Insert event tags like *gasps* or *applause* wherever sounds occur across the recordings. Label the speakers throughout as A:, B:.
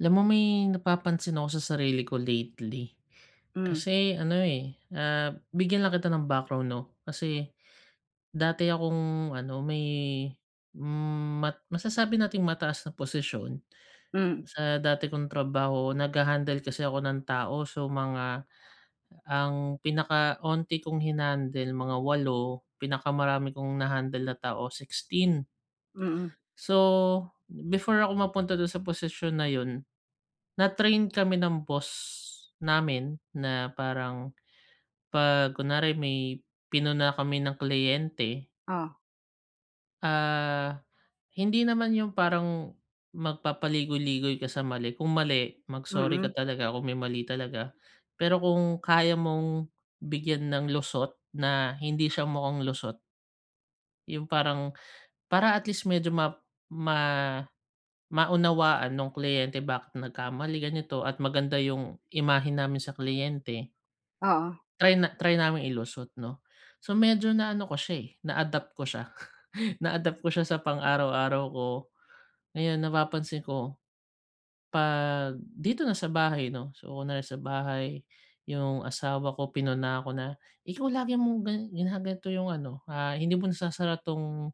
A: Alam mo, may napapansin ako sa sarili ko lately.
B: Mm.
A: Kasi ano, eh, ah, bigyan lang kita ng background 'no? Kasi dati akong ano, may mat masasabi nating mataas na posisyon
B: Mm.
A: sa dati kong trabaho. Nagha-handle kasi ako ng tao. So, mga ang pinaka onti kong hina-handle, mga 8, pinakamarami kong na-handle na tao, 16.
B: Mm.
A: So, before ako mapunta dun sa posisyon na yun, na-train kami ng boss namin na parang 'pag kunwari, may pinuna kami na kliyente
B: Oh.
A: ah, hindi naman yung parang magpapaligoy-ligoy ka sa mali. Kung mali, mag-sorry ka
B: Mm.
A: talaga kung may mali talaga. Pero kung kaya mong bigyan ng lusot na hindi siya mukhang lusot yung parang para at least medyo ma ma maunawaan nung kliyente bakit nagkamali, ganito at maganda yung imahe namin sa kliyente
B: Oo.
A: Try na try naming ilusot 'no. So, medyo naano ko siya, eh, na-adapt ko siya. *chuckles* Na-adapt ko siya sa pang-araw-araw ko. Ngayon napapansin ko, 'pag dito na sa bahay 'no, so una sa bahay, yung asawa ko, pinuna ko na, "Ikaw, lagi mong gina ginaganto yung ano, ah, hindi mo nasasara 'tong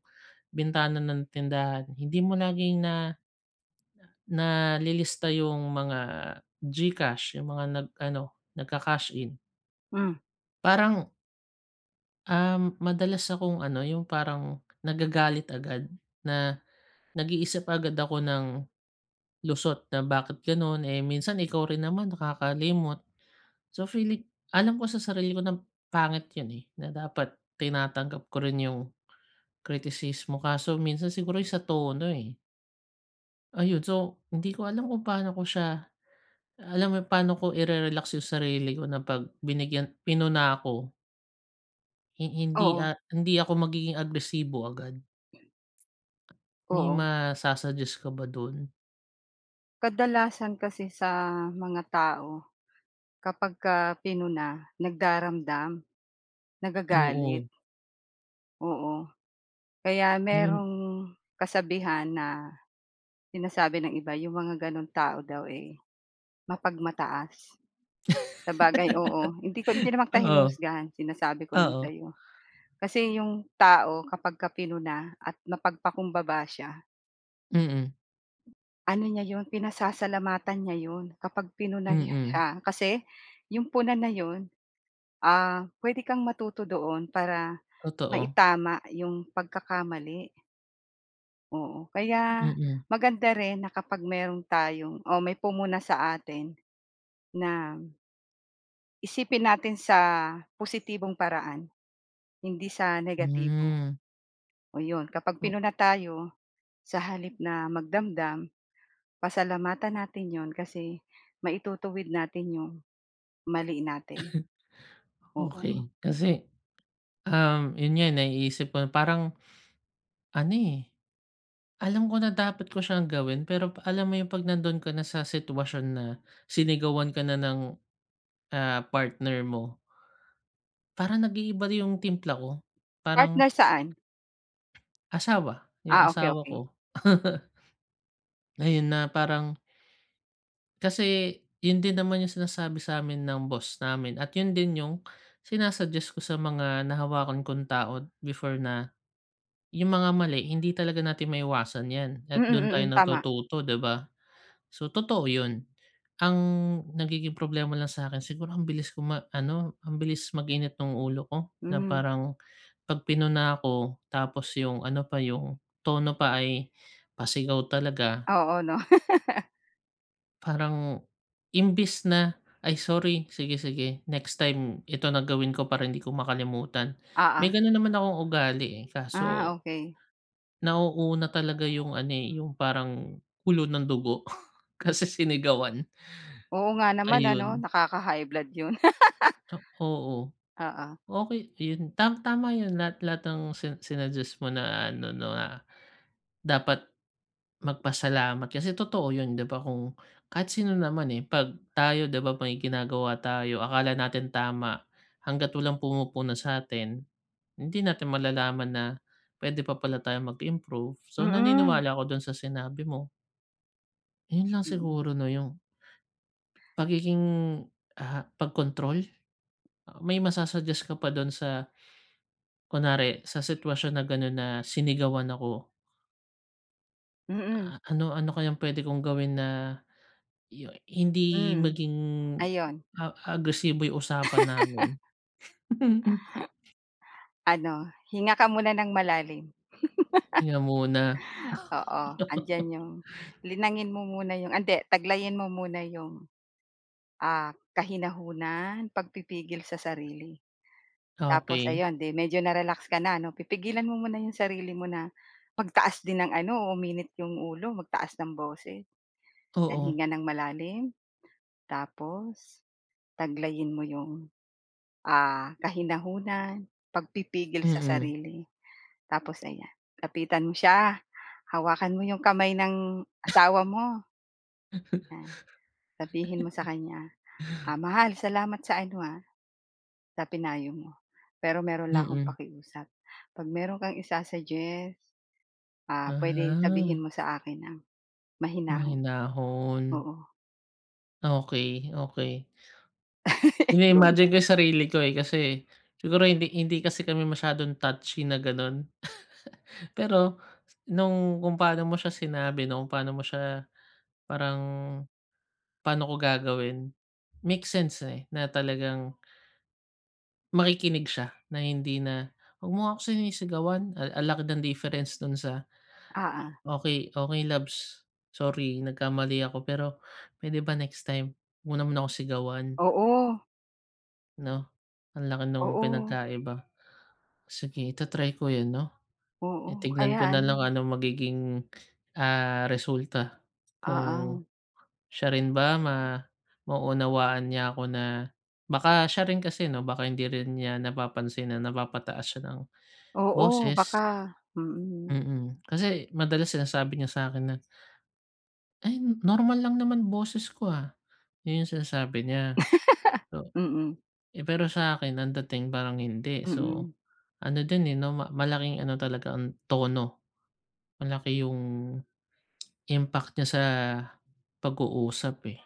A: bintana ng tindahan, hindi mo laging na nalilista yung mga Gcash, yung mga nag ano, nagka-cash in."
B: Hmm.
A: Parang Uhm, madalas akong ano, yung parang nagagalit agad, na nag-iisip agad ako ng lusot na, "Bakit ganun? Eh, minsan, ikaw rin naman nakakalimot." So, feeling alam ko sa sarili ko na pangit yun eh, na dapat tinatanggap ko rin yung kritisismo, kaso minsan siguro yung sa tono, eh. Ayun. So, hindi ko alam kung pa'no ko siya alam mo yung paano ko ire-relax yung sarili ko na 'pag binigyan pinuna ako. Hin hindi,
B: Oo.
A: ah, hindi ako magiging agresibo agad. May
B: Oo.
A: masa-suggest ka ba dun?
B: Kadalasan kasi sa mga tao, 'kapagka pinuna, nagdaramdam, nagagalit,
A: Oo.
B: oo. Kaya
A: Mhm.
B: merong kasabihan na, "Sinasabi ng iba yung mga ganong tao daw, eh, mapagmataas." Sabagay, oo, hindi ko, hindi
A: *giggles*
B: naman kita,
A: Oo.
B: hinuhusgahan. Sinasabi ko lang
A: Oo.
B: sa'yo. Kasi, yung tao 'kapagka pinuna, at mapagpakumbaba siya
A: Mm.
B: ano niya yun, pinasasalamatan niya yun, kapag pinuna
A: Mm.
B: siya. Kasi, yung puna na yun, ah, puwede kang matuto doon. Para,
A: Totoo.
B: maitama yung pagkakamali. Oo kaya,
A: Mm.
B: maganda rin na kapag meron tayong o may pumuna sa atin na isipin natin sa positibong paraan. Hindi sa negatibo.
A: Hmm.
B: O yun kapag
A: Oh.
B: pinuna tayo, sa halip na magdamdam, pasalamatan natin yun. Kasi, maitutuwid natin yung mali natin.
A: *clears throat*
B: Oo.
A: Okey kasi, um, yun nga naiisip ko parang, ano, eh. Alam ko na dapat ko siyang gawin. Pero, alam mo yung, 'pag nandun kana sa sitwasyon na sinigawan ka na ng, ah, partner mo. Parang, nag-iiba yung timpla ko.
B: Partner,
A: Parang
B: saan?
A: asawa. Yung
B: Ah okey,
A: asawa
B: okey.
A: ko. *laughs* Ngayon, ah, parang Kasi yun din naman yung sinasabi sa'min ng boss namin at yun din yung, sina-suggest ko sa mga nahawakan kong tao before, na yung mga mali hindi talaga natin maiiwasan yan
B: Mm,
A: at, dun tayo
B: mm, tama.
A: natututo, 'di ba? So, totoo yun. Ang nagiging problema lang sa 'kin siguro, ang bilis ko ma-ano ang bilis mag-init ng ulo ko na
B: Hmm.
A: parang, 'pag pinuna ako, tapos, yung ano pa yung tono pa ay pasigaw talaga.
B: Oo, no? *laughs*
A: Parang imbes na, "Ay, sorry! Sige-sige next time, ito na gawin ko para 'di ko makalimutan."
B: Oo.
A: May ganun naman akong ugali, eh,
B: Ah,
A: kaso
B: okey.
A: nauuna talaga yung ano, eh, yung parang kulo ng dugo kasi sinigawan.
B: Oo nga
A: *gasps*
B: naman ano,
A: Ayun.
B: nakaka-high blood, yun.
A: Ah, oo.
B: *laughs* Oo.
A: Okey yun tam tama yun. Lahat-lahat ng sina sinuggest mo na ano, na dapat magpasalamat kasi, totoo yun 'di ba? Kung kahit sino naman, eh, pag tayo 'di ba, may ginagawa tayo akala natin tama. Hangga't walang pumupuna sa'tin, hindi natin malalaman na, pwede pa pala tayong mag-improve. So,
B: Mm.
A: naniniwala ako dun sa sinabi mo. Yun lang
B: Mm.
A: siguro 'no, yung pagiging, ah, pagkontrol? Ah, may masa-suggest ka pa dun sa kunwari, sa sitwasyon na ganun na sinigawan ako.
B: Mm.
A: Ah, ano ano kayang pwede kong gawin na yu hindi
B: Hmm,
A: maging
B: ayun.
A: a agresibo yung usapan namin? *laughs*
B: *laughs* Ano, hinga ka muna nang malalim.
A: Hinga muna. *laughs*
B: *laughs* Oo, andiyan yung linangin mo muna yung ah, hindi, taglayin mo muna yung, ah, kahinahunan, pagpipigil sa sarili. Tapos
A: Okey.
B: ayon, 'di medyo na-relax ka na 'no, pipigilan mo muna yung sarili mo na magtaas din ng ano, uminit yung ulo, magtaas ng boses, then
A: Oo.
B: hinga nang malalim. Tapos taglayin mo yung, ah kahinahunan, pagpipigil sa
A: Mm.
B: sarili. Tapos ayan, lapitan mo siya, hawakan mo yung kamay ng asawa mo. 'Yan, sabihin mo sa kanya, "Ah,
A: *laughs*
B: mahal, salamat sa ano ha, sa pinayo mo. Pero meron lang akong
A: Mm.
B: pakiusap. 'Pag meron kang isa-suggest, ah, pwede sabihin
A: Aha.
B: mo sa akin nang mahinahon."
A: Mahinahon.
B: Oo.
A: Okey, okey.
B: *laughs* Yun.
A: Ini-imagine ko yung sarili ko eh, kasi siguro hindi hindi kasi kami masyadong touchy na ganun. *laughs* Pero nung kung paano mo siya sinabi, nung paano mo siya parang paano ko gagawin, makes sense eh, na talagang makikinig siya na hindi na, "Wag mo nga ako sinisigawan." Ah ang laki ng difference dun sa,
B: Uh-huh.
A: "Okey, okey labs. Sorry nagkamali ako, pero puwede ba next time wag mo naman ako sigawan?"
B: Oo.
A: 'No? Ang laki nung
B: Oo.
A: pinagkaiba. Sige, ita-try ko yun 'no?
B: Oo,
A: Eh, tignan
B: kaya
A: ko na lang
B: ano
A: ano magiging, ah, resulta kung
B: Oo.
A: siya rin ba ma maunawaan niya ako na baka siya rin kasi 'no, baka hindi rin niya napapansin na napapataas siya ng
B: Oo,
A: boses.
B: baka mm.
A: Mm. Kasi madalas sinasabi niya sa 'kin na, "Ay normal lang naman boses ko, ah." Yun yung sinasabi niya.
B: *laughs*
A: So,
B: Mm.
A: eh, pero sa'kin ang dating parang hindi. So,
B: Mm.
A: ano din eh, 'no ma malaking ano talaga ang tono, malaki yung impact niya sa pag-uusap, eh.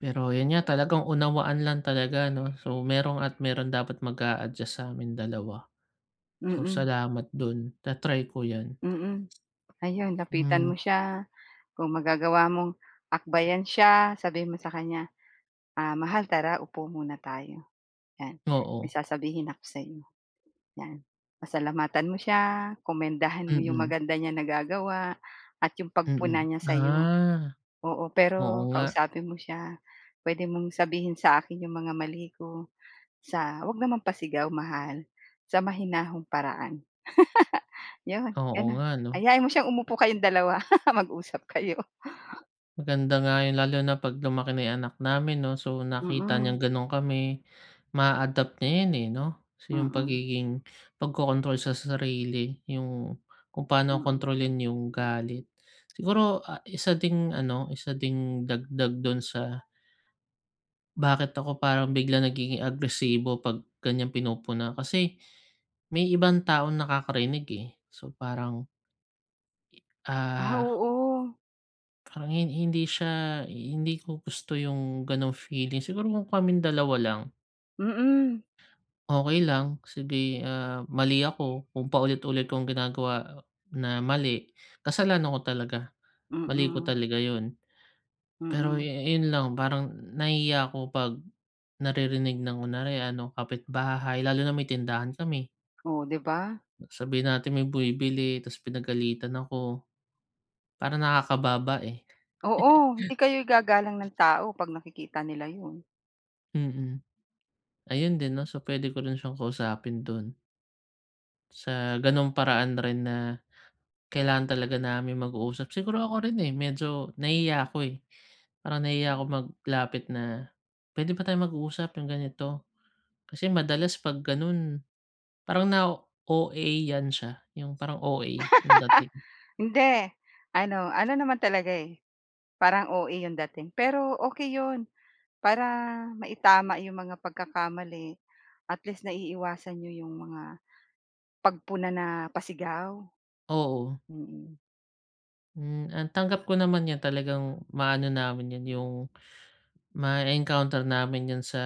A: Pero yun nga, talagang unawaan lang talaga 'no? So, meron at meron dapat mag-a-adjust sa'min dalawa. So,
B: Mm.
A: salamat dun. Ta-try ko 'yan.
B: Mm. Ayun, lapitan
A: Hmm.
B: mo siya, kung magagawa mong akbayan siya, sabihin mo sa kanya, "Ah, mahal tara, upo muna tayo," 'yan. "May
A: Oo.
B: sasabihin ako sa'yo," 'yan. Pasalamatan mo siya, komendahan mo 'yong
A: Mm.
B: maganda niya nagagawa at 'yong pagpuna
A: Mm.
B: niya sa'yo.
A: Ah,
B: Oo,
A: oo
B: pero
A: nga.
B: kausapin mo siya. "Puwede mong sabihin sa akin 'yong mga mali ko sa huwag naman pasigaw mahal. Sa mahinahong paraan." *laughs* Yun,
A: Oo
B: ganun.
A: nga 'no?
B: Ayain mo siyang umupo kayong dalawa, *laughs* mag-usap kayo.
A: Maganda nga yun lalo na 'pag lumaki na yung anak namin 'no, so nakita niyang
B: Mm.
A: ganun kami, ma-a-adapt niya 'yan, eh, 'no. So, yung
B: Mm.
A: pagiging pagkokontrol sa sarili yung kung paano
B: Mm.
A: kontrolin yung galit. Siguro, ah, isa ding ano, isa ding dagdag dun sa bakit ako parang biglang nagiging agresibo 'pag ganiyang pinupuna, kasi may ibang taong nakakarinig, eh. So, parang
B: Ah,
A: Ah.
B: oo.
A: Parang hin hindi siya hindi ko gusto yung gano'ng feeling. Siguro, kung kaming dalawa lang.
B: Mm.
A: Okey lang. Sige, ah, mali ako kung paulit-ulit kong ginagawa na mali, kasalanan ko talaga, mali ko
B: Mm.
A: talaga yun. Pero yu
B: Mm.
A: yun lang, parang nahihiya ako 'pag naririnig ng kunyari ano, kapitbahay lalo na may tindahan kami.
B: Oh, 'di ba?
A: Sabihin natin may bumibili ta's pinagalitan ako, parang nakakababa, eh.
B: Oo, hindi
A: *chuckles*
B: kayo igagalang ng tao 'pag nakikita nila yun.
A: Mm. Ayun din 'no? So, pwede ko rin siyang kausapin dun. Sa ganung paraan rin na kailangan talaga naming mag-uusap. Siguro ako rin, eh, medyo nahihiya ako, eh. Parang nahihiya akong maglapit na, "Pwede ba tayong mag-usap, 'yung ganito?" Kasi madalas 'pag ganun, parang nao-OA-yan siya. 'Yung parang OA 'yung dating.
B: *laughs* Hindi. Ano ano naman talaga, eh, parang OA 'yung dating. Pero okey 'yon para maitama 'yung mga pagkakamali. At least, naiiwasan niyo 'yung mga pagpuna na pasigaw.
A: Oo.
B: Mm.
A: Hmm. Ah, tanggap ko naman 'yan talagang ma-ano namin 'yan, 'yung mae-encounter namin 'yan sa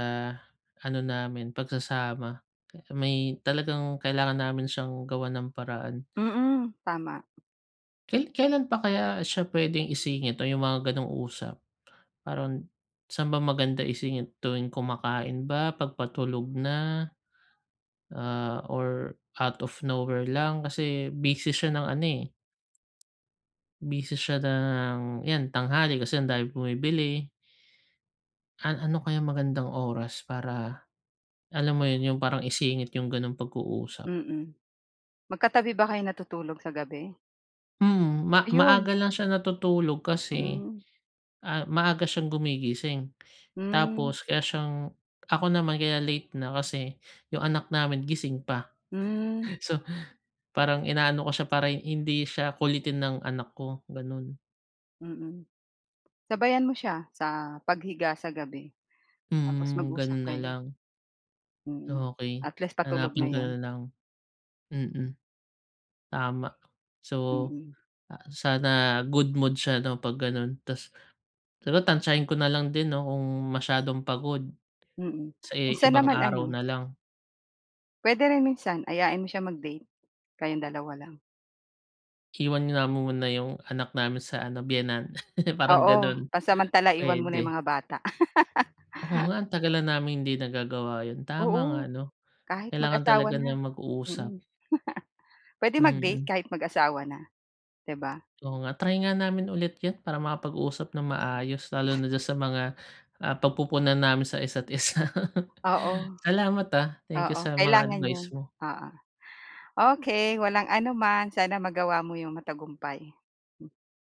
A: ano namin, pagsasama. Pe may talagang kailangan namin siyang gawan ng paraan.
B: Mm. Tama.
A: Kai kailan pa kaya siya pwedeng isingit o 'yung mga gano'ng usap? Parang saan ba maganda isingit? Tuwing kumakain ba? 'Pag patulog na? Ah, or out of nowhere lang? Kasi busy siya ng ano, eh busy siya ng 'yan, tanghali kasi andaming bumibili. An ano kaya magandang oras para alam mo yun, 'yung parang isingit 'yung ganung pag-uusap?
B: Mm. Magkatabi ba kayo natutulog sa gabi?
A: Hmm. Ma
B: Ayun.
A: maaga lang siya natutulog kasi,
B: Hmm.
A: ah, maaga siyang gumigising.
B: Hmm.
A: Tapos kaya siyang ako naman, kaya late na kasi yung anak namin gising pa.
B: Hmm.
A: So, parang inaano ko siya para hi hindi siya kulitin ng anak ko, ganun.
B: Mm. Sabayan mo siya sa paghiga sa gabi tapos
A: Hmm.
B: mag-usap
A: Ganun
B: kayo.
A: nalang.
B: Mm.
A: Okey.
B: At least, patulog na
A: Hanapin ko na
B: 'yon.
A: lang. Mm. Tama. So,
B: Mm.
A: ah sana good mood siya 'no, 'pag ganun. Tapos pero tantsahin ko na lang din 'no, kung masyadong pagod.
B: Mm.
A: Sa i
B: Minsan
A: ibang
B: naman
A: araw
B: ano
A: na lang.
B: pwede rin minsan, ayain mo siya mag-date. Kayong dalawa lang.
A: Iwan nga muna yung anak namin sa ano biyenan, *laughs* parang
B: Oo,
A: ganun,
B: pansamantala iwan muna 'yong
A: pwede.
B: mga bata.
A: Oo nga
B: *laughs*
A: ang tagal na namin hindi nagagawa yun, tama nga
B: Oo.
A: 'no?
B: Kahit
A: Kailangan
B: mag-asawa
A: talaga na
B: na. Mm.
A: mag-uusap.
B: *chuckles* Pwede mag-date
A: Mm.
B: kahit mag-asawa na, 'di ba?
A: Oo nga. Try nga namin ulit yun para makapag-usap ng maayos lalo na dun sa mga, ah, pagpupuna namin sa isa't isa. *laughs*
B: Oo.
A: Salamat, ah, thank you
B: Oo,
A: sa mga
B: Kailangan
A: advice
B: 'yon,
A: mo.
B: oo. Okey, walang anuman. Sana magawa mo 'yong matagumpay. Mm.